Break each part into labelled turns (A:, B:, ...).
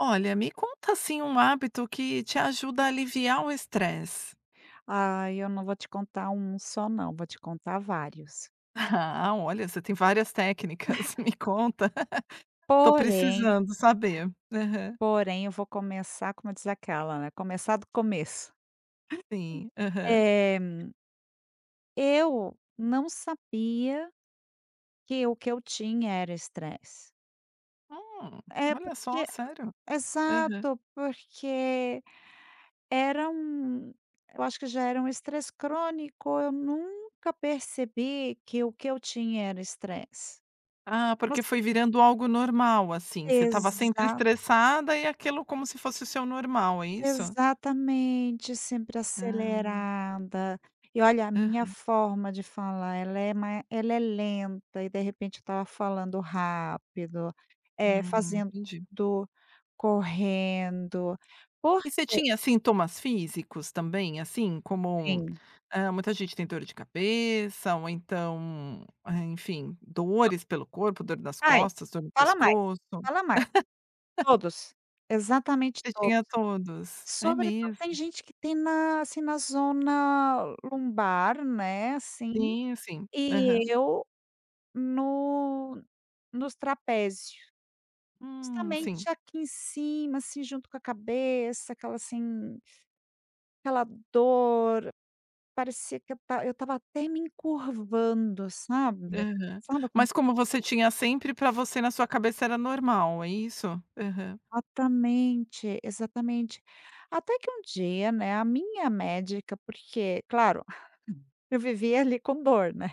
A: Olha, me conta, assim, um hábito que te ajuda a aliviar o estresse.
B: Ai, eu não vou te contar um só não, vou te contar vários.
A: Ah, olha, você tem várias técnicas. Me conta, tô
B: Porém
A: precisando saber. Aham.
B: porém eu vou começar, como diz aquela, né, começar do começo.
A: Sim, aham.
B: Eh eu não sabia que o que eu tinha era estresse.
A: Hum,
B: É,
A: olha só,
B: porque
A: sério? Aham.
B: exato. Porque era um eu acho que já era um estresse crônico, eu nunca percebi que o que eu tinha era estresse.
A: Ah,
B: Voc
A: porque foi virando algo normal, assim, você estava sempre
B: Exa
A: estressada e aquilo como se fosse o seu normal, é isso?
B: Exatamente, sempre
A: Ah.
B: acelerada. E, olha, a minha
A: Aham.
B: forma de falar ela é ma ela é lenta, e de repente eu estava falando rápido, eh,
A: Hum,
B: fazendo
A: entendi.
B: correndo, porque
A: E você tinha sintomas físicos também assim, como,
B: Sim.
A: hã, muita gente tem dor de cabeça ou então, eh, enfim,
B: To
A: dores pelo corpo, dor nas
B: Ai,
A: costas, dor no
B: fala mais,
A: pescoço?
B: fala mais. Todos! Exatamente
A: Você
B: todos.
A: tinha todos. É
B: Sobretudo
A: mesmo?
B: tem gente que tem na, assim, na zona lombar, né, assim,
A: Sim, sim. Aham.
B: e eu no nos trapézio.
A: Hum, sim.
B: Justamente aqui em cima, assim, junto com a cabeça, aquela, assim, aquela dor, parecia que eu estava eu estava até me encurvando, sabe.
A: Aham.
B: Sabe
A: Mas
B: aqueles
A: como você tinha sempre, pra você, na sua cabeça era normal, é isso? Aham.
B: Atamente, exatamente. Até que um dia, né, a minha médica porque, claro, eu vivia ali com dor, né.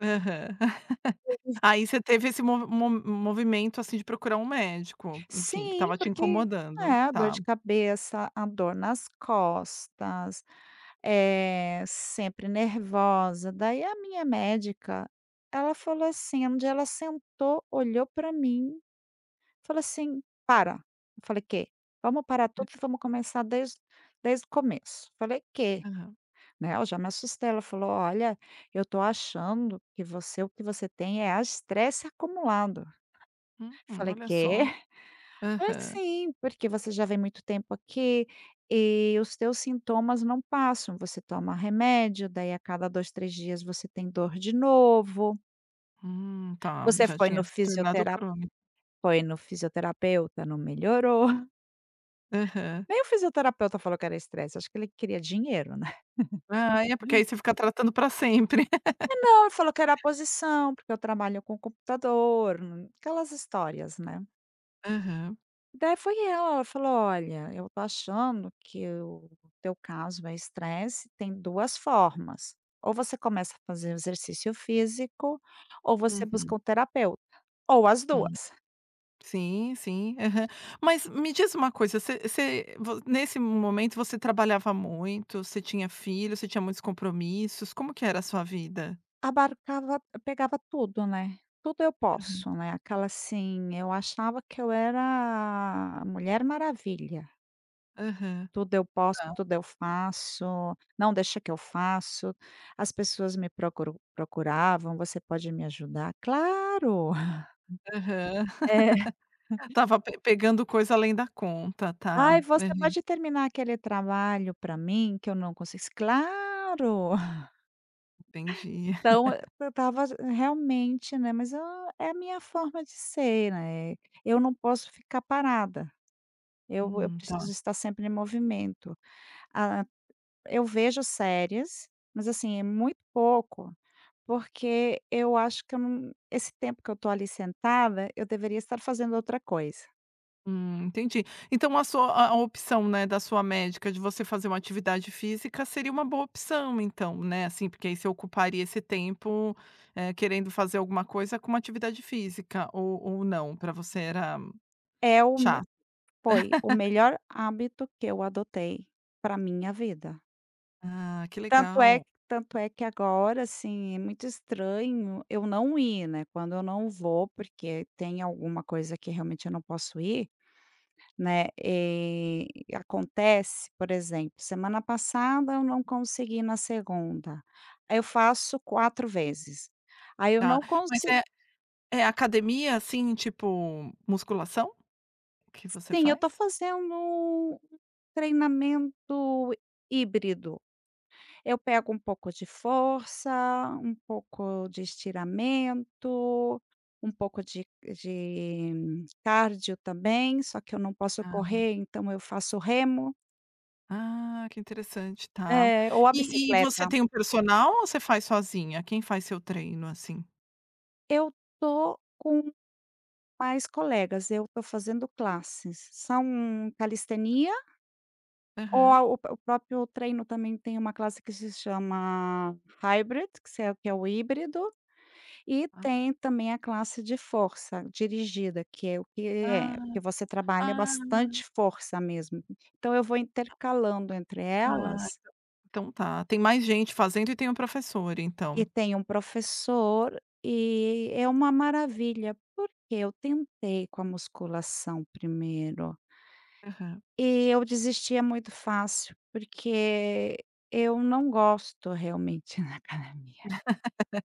A: Aham.
B: [unintelligible]
A: Aí você teve esse mo mo movimento, assim, de procurar um médico, enfim, que
B: Sim,
A: estava te
B: porque é,
A: incomodando.
B: a dor
A: Tá.
B: de cabeça, a dor nas costas, eh, sempre nervosa. Daí a minha médica, ela falou assim um dia ela sentou, olhou pra mim, falou assim: "Para". Eu falei: "Quê?". "Vamos parar tudo e vamos começar desde desde o começo". Falei: "Quê?",
A: Aham.
B: né, eu já me assustei. Ela falou: "Olha, eu tô achando que você o que você tem é a estresse acumulado".
A: Hum,
B: Falei:
A: olha
B: "Quê?".
A: só.
B: "Pois
A: Aham.
B: sim, porque você já vem muito tempo aqui e os teus sintomas não passam. Você toma remédio, daí a cada 2, 3 dias você tem dor de novo".
A: Hum, tá,
B: Você
A: já
B: foi no
A: tinha se tornado
B: fisiotera
A: croni
B: foi no fisioterapeuta, não melhorou.
A: Aham.
B: Nem o fisioterapeuta falou que era estresse, acho que ele queria dinheiro, né.
A: Ai, é porque aí você fica tratando para sempre.
B: Não, ele falou que era posição porque eu trabalho com computador, aquelas histórias, né.
A: Aham.
B: Daí foi ela, ela falou: "Olha, eu estou achando que o teu caso é estresse, tem 2 formas, ou você começa a fazer exercício físico, ou você busca
A: Uhum.
B: um terapeuta, ou as
A: Hum.
B: 2".
A: Sim sim, aham, mas me diz uma coisa, você você vo nesse momento você trabalhava muito, você tinha filho, você tinha muitos compromissos, como que era a sua vida?
B: Abarcava pegava tudo, né, tudo eu
A: Aham.
B: posso, né, aquela assim eu achava que eu era a mulher maravilha.
A: Aham,
B: Tudo eu posso,
A: ah.
B: tudo eu faço, não deixa que eu faço, as pessoas me procuram procuravam, "Você pode me ajudar? Claro."
A: Aham.
B: É.
A: Tava pe pegando coisa além da conta, tá,
B: "Ai você
A: aham.
B: pode terminar aquele trabalho para mim que eu não consi claro."
A: Entendi.
B: Então e eu estava realmente, né, mas, ah, é a minha forma de ser, né, eu não posso ficar parada. Eu eu
A: Hum, tá.
B: preciso estar sempre em movimento, ah, eu vejo séries, mas assim é muito pouco, porque eu acho que eu não, esse tempo que eu estou ali sentada eu deveria estar fazendo outra coisa.
A: Hum, entendi. Então, a sua a opção, né, da sua médica, de você fazer uma atividade física seria uma boa opção, então, né, assim, porque aí você ocuparia esse tempo, eh, querendo fazer alguma coisa com uma atividade física, ou ou não? Pra você era
B: É o meu
A: Chá.
B: Foi o melhor hábito que eu adotei pra minha vida.
A: Ah, que
B: Tanto é,
A: legal!
B: tanto é que agora, assim, é muito estranho eu não ir, né. Quando eu não vou, porque tem alguma coisa que realmente eu não posso ir, né. E acontece, por exemplo, semana passada, eu não consegui na segunda, aí eu faço 4 vezes, aí eu
A: Tá.
B: não
A: Mas
B: consi
A: é é academia, assim, tipo musculação? Que você
B: Sim, eu tô
A: faz?
B: fazendo um treinamento híbrido. Eu pego um pouco de força, um pouco de estiramento, um pouco de de cárdio também, só que eu não posso
A: Ah.
B: correr, então, eu faço remo.
A: Ah, que interessante, tá.
B: É, ou a
A: E e você
B: bicicleta.
A: tem um personal ou você faz sozinha? Quem faz seu treino assim?
B: Eu tô com pais colegas. Eu tô fazendo classes, são calistenia ou
A: Aham.
B: a o o próprio treino também tem uma classe que se chama hybrid, que se é que é o híbrido, e
A: Ah.
B: tem também a classe de força dirigida, que é o que é
A: Ah,
B: que você trabalha
A: ah.
B: bastante força mesmo. Então eu vou intercalando entre
A: Ah, então
B: elas
A: então, tá. Tem mais gente fazendo, e tem o professor
B: E
A: então.
B: tem um professor, e é uma maravilha. Porque eu tentei com a musculação primeiro
A: Aham.
B: e eu desistia muito fácil, porque eu não gosto, realmente, da academia.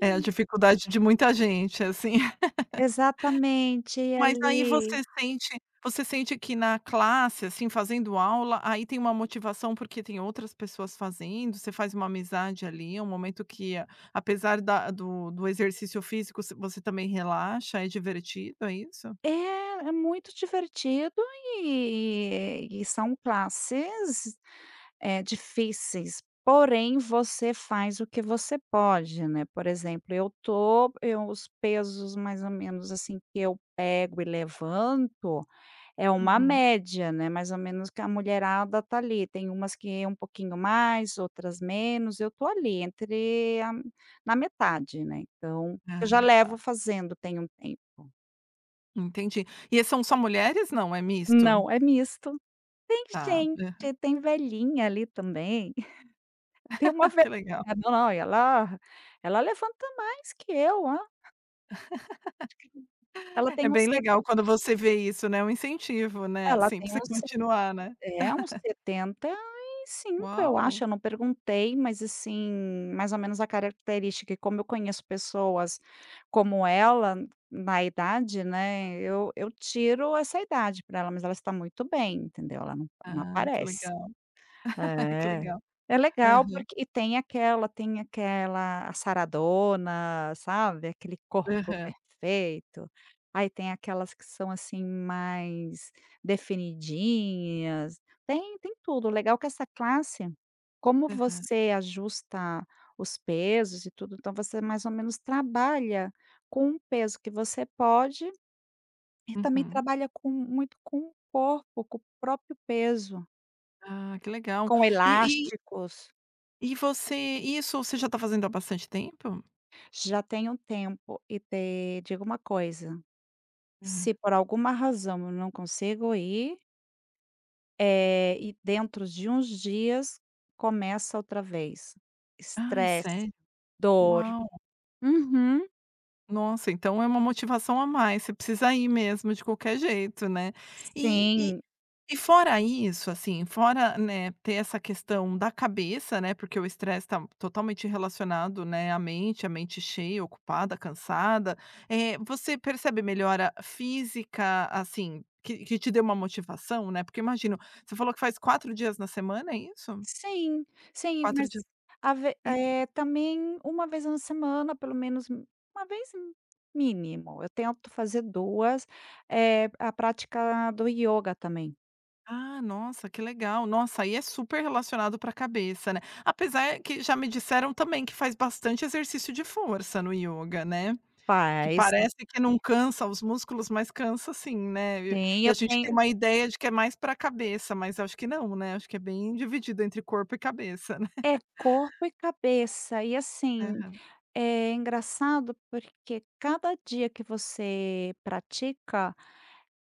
A: É a dificuldade de muita gente assim.
B: Exatamente e
A: Mas aí
B: ali.
A: você sente você sente que na classe, assim, fazendo aula, aí tem uma motivação porque tem outras pessoas fazendo, você faz uma amizade ali, um momento que apesar da do do exercício físico, você você também relaxa. É divertido, é isso?
B: É, é muito divertido e e são classes, eh, difíceis, porém você faz o que você pode, né. Por exemplo, eu tô eu os pesos, mais ou menos assim, que eu pego e levanto, é uma
A: Uhum.
B: média, né, mais ou menos que a mulherada tá ali. Tem umas que um pouquinho mais, outras menos, eu tô ali, entre a na metade, né. Então,
A: Ah,
B: eu já
A: tá.
B: levo fazendo tem um tempo.
A: Entendi. E são só mulheres? Não, é misto?
B: Não, é misto. Tem
A: Tá.
B: gente
A: Aham.
B: tem velhinha ali, também. Tem uma vel
A: Que legal.
B: [unintelligible] lá, ela levanta mais que eu, lá. Ela
A: É
B: tem uns
A: bem
B: se
A: legal quando você vê isso, né. Um incentivo, né,
B: Ela
A: assim, para
B: tem
A: você
B: uns se
A: continuar, né.
B: é uns 75, eu
A: Uau!
B: acho. Eu não perguntei. Mas assim, mais ou menos a característica, e como eu conheço pessoas como ela, n na idade, né, eu eu tiro essa idade pra ela, mas ela está muito bem, entendeu, ela não não
A: Ah, que
B: aparece.
A: legal! Que
B: É.
A: legal!
B: É legal
A: Aham.
B: porque e tem aquela tem aquela a saradona, sabe, aquele corpo
A: Aham.
B: perfeito. Aí, tem aquelas que são, assim, mais definidinhas. Tem tem tudo. O legal que essa classe como
A: Aham.
B: você ajusta os pesos e tudo, então, você mais ou menos trabalha com o peso que você pode, e também
A: Uhum.
B: trabalha com muito com o corpo, com o próprio peso.
A: Ah, que legal.
B: Com
A: E, e
B: elásticos.
A: e você isso você já tá fazendo há bastante tempo?
B: Já tem um tempo e te digo uma coisa, se
A: Hã.
B: por alguma razão eu não consigo ir eh, e dentro de uns dias, começa outra vez.
A: Ai,
B: Estresse,
A: sério?
B: dor.
A: Uau!
B: Uhum.
A: Nossa, então, é uma motivação a mais. Você precisa ir mesmo de qualquer jeito, né. E e
B: Sim.
A: e fora isso, assim, fora, né, ter essa questão da cabeça, né, porque o estresse tá totalmente relacionado, né, à mente, a mente cheia, ocupada, cansada. Eh, você percebe melhora física assim, que que te deu uma motivação, né, porque imagino você falou que faz 4 dias na semana, é isso?
B: Sim, sim.
A: 4 dias
B: Mas, ave
A: e
B: eh, também uma vez na semana, pelo menos um uma vez, mínimo, eu tento fazer 2, eh, a prática do ioga também.
A: Ah, nossa, que legal! Nossa. Aí, é super relacionado pra cabeça, né. Apesar que já me disseram também que faz bastante exercício de força no ioga, né. Que
B: Faz
A: parece que não cansa os músculos, mas cansa sim, né. E e
B: Sim,
A: e a
B: eu
A: gente tem
B: tenho.
A: uma ideia de que é mais pra cabeça, mas acho que não, né, acho que é bem dividido entre corpo e cabeça, né.
B: É corpo e cabeça, e assim,
A: Aham.
B: é engraçado porque cada dia que você pratica,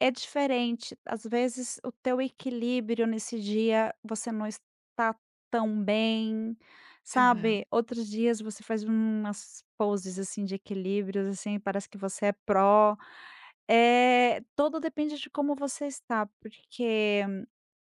B: é diferente, às vezes, o teu equilíbrio nesse dia você não está tão bem, sabe?
A: Aham.
B: Outros dias, você faz umas poses, assim, de equilíbrios assim, parece que você é pro. É, todo depende de como você está, porque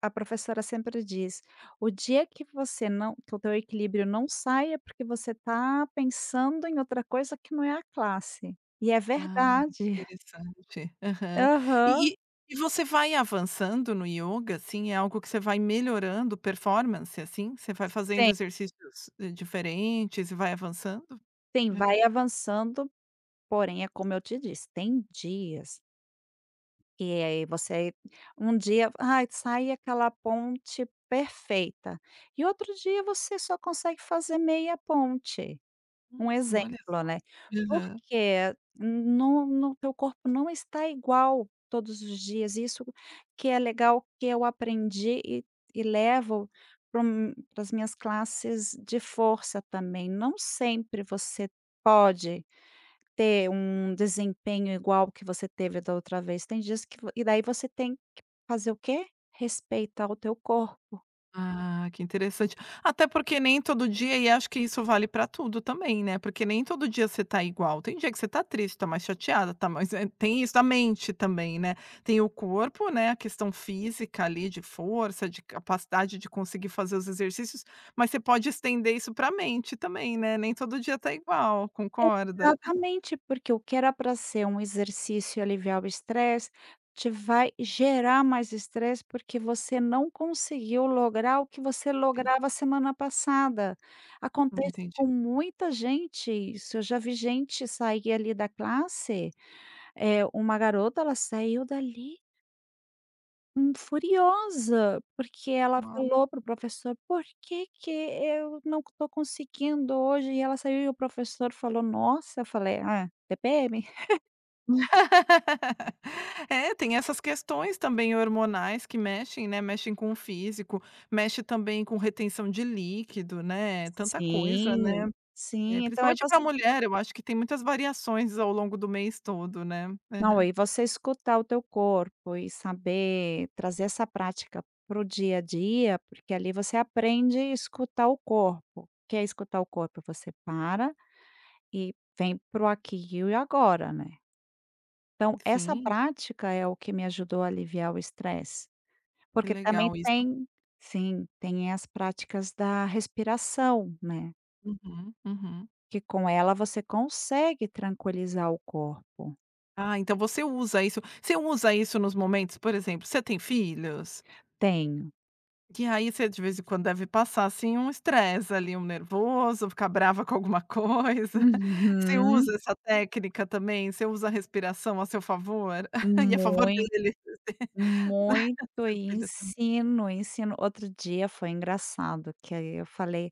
B: a professora sempre diz: "O dia que você não que o teu equilíbrio não saia, porque você tá pensando em outra coisa que não é a classe". E é
A: Ah,
B: verdade.
A: interessante. Aham.
B: Aham.
A: E e e você vai avançando no ioga, assim, é algo que você vai melhorando performance, assim? Você vai fazendo
B: Sim.
A: exercícios diferentes e vai avançando?
B: Sim,
A: Aham.
B: vai avançando, porém, é como eu te disse, tem dias e aí você um dia aí, sai aquela ponte perfeita e outro dia você só consegue fazer meia ponte. Um
A: Hum. Olha
B: exemplo,
A: só.
B: né,
A: Aham.
B: porque no no teu corpo não está igual todos os dias, e isso que é legal, que eu aprendi, e e levo para um para as minhas classes de força também. Não sempre você pode ter um desempenho igual ao que você teve da outra vez, tem dias que vo e daí você tem que fazer o quê? Respeitar o teu corpo.
A: Ah, que interessante. Até porque nem todo dia, e acho que isso vale pra tudo também, né, porque nem todo dia você tá igual. Tem dia que você tá triste, tá mais chateada, tá mais tem isso da mente também, né. Tem o corpo, né, a questão física ali de força, de capacidade de conseguir fazer os exercícios, mas você pode estender isso pra mente também, né, nem todo dia tá igual. Concorda?
B: Exatamente. Porque o que era pra ser um exercício e aliviar o estresse, te vai gerar mais estresse, porque você não conseguiu lograr o que você
A: Sim.
B: lograva a semana passada.
A: Hum,
B: Acontece
A: entendi.
B: com muita gente isso, eu já vi gente sair ali da classe, eh, uma garota, ela saiu dali hum, furiosa, porque ela
A: Na
B: falou para o professor: "Por que que eu não tô conseguindo hoje?", e ela saiu. E o professor falou: "Nossa". Eu falei: "Ah, TPM".
A: É, tem essas questões também hormonais, que mexem, né, mexem com o físico, mexe também com retenção de líquido, né, tanta coisa, né.
B: Sim,
A: Eh,
B: sim. Então é
A: principalmente
B: voc
A: pra mulher eu acho que tem muitas variações ao longo do mês todo, né.
B: Não,
A: Aham.
B: e você escutar o teu corpo e saber trazer essa prática para o dia a dia, porque ali você aprende escutar o corpo. O que é escutar o corpo? Você para, e vem para o aqui e o agora, né. Então essa
A: Sim.
B: prática é o que me ajudou a aliviar o estresse.
A: Que
B: Porque também
A: legal isso.
B: tem sim, tem as práticas da respiração, né.
A: Uhum, uhum.
B: Que com ela você consegue tranquilizar o corpo.
A: Ah, então você usa isso você usa isso nos momentos, por exemplo, você tem filhos?
B: Tenho.
A: Que aí você de vez em quando deve passar, assim, um estresse ali, um nervoso, ficar brava com alguma coisa. Você
B: Uhum.
A: usa essa técnica também, você usa a respiração a seu favor? E a favor
B: Muito,
A: dele.
B: muito
A: Seu
B: e
A: filho também.
B: ensino, ensino. Outro dia foi engraçado, que aí eu falei: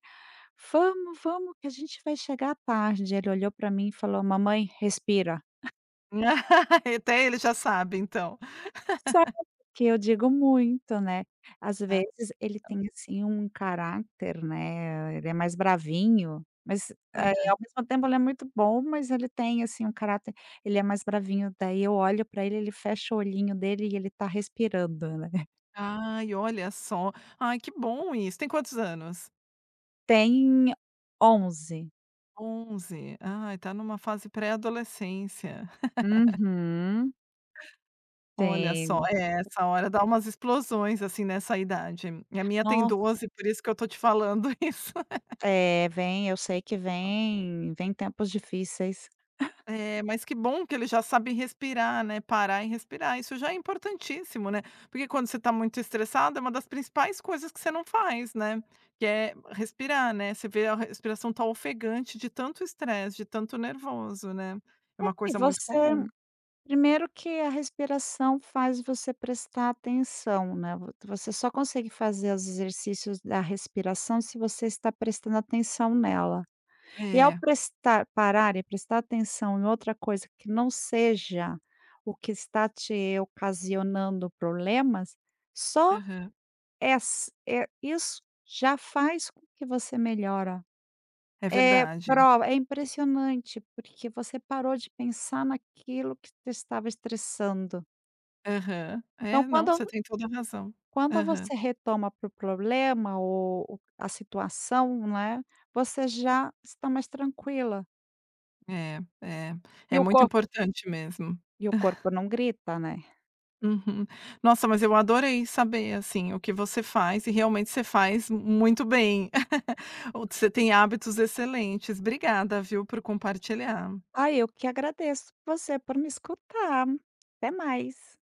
B: "Vamos, vamos que a gente vai chegar tarde". Ele olhou pra mim e falou: "Mamãe, respira".
A: Até ele já sabe então.
B: [unintelligible] que eu digo muito, né. Às
A: Ah.
B: vezes ele tem, assim, um caráter, né, ele é mais bravinho, mas, eh,
A: Aham.
B: ao mesmo tempo ele é muito bom, mas ele tem, assim, um caráter ele é mais bravinho, daí eu olho pra ele ele fecha o olhinho dele, e ele tá respirando, né.
A: Ai, olha só. Ai, que bom isso, tem quantos anos?
B: Tem 11.
A: 11, ah, tá em numa fase pré-adolescência.
B: Uhum.
A: Olha só,
B: Tem.
A: é essa hora dá umas explosões assim nessa idade, e a minha tem
B: Nossa.
A: 12. Por isso que eu tô te falando isso.
B: É, vem, eu sei que
A: [unintelligible]
B: vêm, vêm tempos difíceis.
A: É, mas que bom que ele já sabe respirar, né, parar e respirar. Isso já é importantíssimo, né. Porque quando você tá muito estressado é uma das principais coisas que você não faz, né, que é respirar, né. Você vê a respiração tá ofegante de tanto estresse, de tanto nervoso, né, é uma
B: É
A: coisa muito
B: você
A: comum.
B: Primeiro que a respiração faz você prestar atenção, né, vo você só consegue fazer os exercícios da respiração se você está prestando atenção nela. E ao
A: É.
B: prestar parar e prestar atenção em outra coisa que não seja o que está te ocasionando problemas, só,
A: Aham.
B: eh, ass isso já faz com que você melhora.
A: É
B: É,
A: verdade.
B: prova, é impressionante porque você parou de pensar naquilo que te estava estressando.
A: Aham.
B: Então
A: É, não,
B: quando
A: você tem toda a razão.
B: Quando
A: Aham.
B: você retoma para o problema o o a situação, né, você já está mais tranquila.
A: É, é.
B: E
A: É
B: o
A: muito
B: corp
A: importante mesmo.
B: E o corpo não grita, né.
A: Uhum. Nossa, mas eu adorei saber, assim, o que você faz e realmente você faz muito bem. O você tem hábitos excelentes. Obrigada, viu, por compartilhar.
B: Ai, eu que agradeço você por me escutar. Até mais.